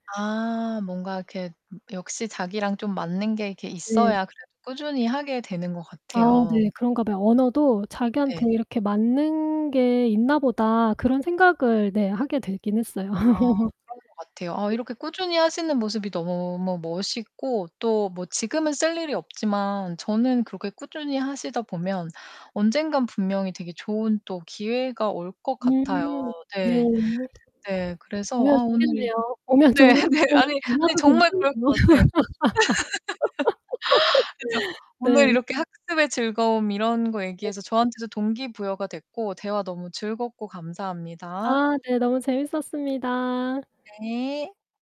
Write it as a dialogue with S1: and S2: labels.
S1: 아 뭔가 이렇게 음 역시 자기랑 좀 맞는 게 이렇게
S2: 네.
S1: 있어야 그래도 꾸준히 하게 되는 것
S2: 아
S1: 같아요.
S2: 네 그런가 봐요. '언어도
S1: 네.
S2: 자기한테 이렇게 맞는 게 있나 보다.' 그런 생각을 네 하게 되긴 했어요.
S1: 아 그런 것 같아요. 아
S2: 네.
S1: 이렇게 꾸준히 하시는 모습이 너무 머 멋있고 또 뭐 지금은 쓸 일이 없지만 저는 그렇게 꾸준히 하시다 보면 언젠가 분명히 되게 좋은 또 기회가 올 것 같아요.
S2: 음 네.
S1: 네. 네, 그래서
S2: 오면
S1: 아 오늘 이
S2: 좋겠네요. 오면
S1: 네
S2: 좋은
S1: 네. 아니 아니
S2: [unintelligible]
S1: 정말 그럴 것 같아요. 그죠. 오늘
S2: 네.
S1: 이렇게 학습의 즐거움 이런 거
S2: 네.
S1: 얘기해서 저한테도 동기부여가 됐고 대화 너무 즐겁고 감사합니다.
S2: 아 네 너무 재밌었습니다.
S1: 네.